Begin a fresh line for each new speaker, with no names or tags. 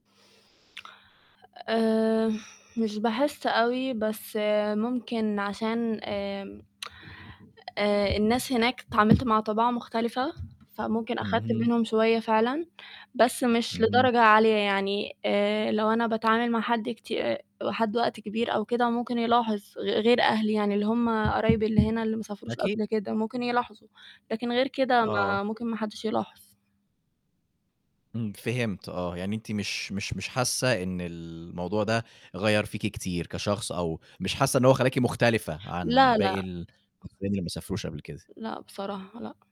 آآ مش باحِس أوي، بس ممكن عشان آآ آآ الناس هناك اتعامِلت مع طِباع مختلفة، فممكن آخدت
اهم.
منهم شوية فعلًا، بس مش
اهم.
لدرجة عالية، يعني آآ لو أنا باتعامل مع حد كتي آآ وحد وقت كبير أو كده، ممكن يلاحظ غ غير أهلي يعني، اللي هُم قرايبي اللي هنا، اللي ما سافروش
أكيد
قبل كده
[unintelligible]
ممكن يلاحظوا، لكن غير كده
آه.
ما ممكن ما حدِّش يلاحظ.
امم، فهمت آه، يعني أنتِ مش مش مش حاسّة إن الموضوع ده غيّر فيكِ كتير كشخص، أو مش حاسّة إن هو خلّاكِ مُختلفة عن
لأ،
باقي
لأ.
ال حرفيًا اللي ما سافروش قبل كده.
لأ، بصراحة، لأ.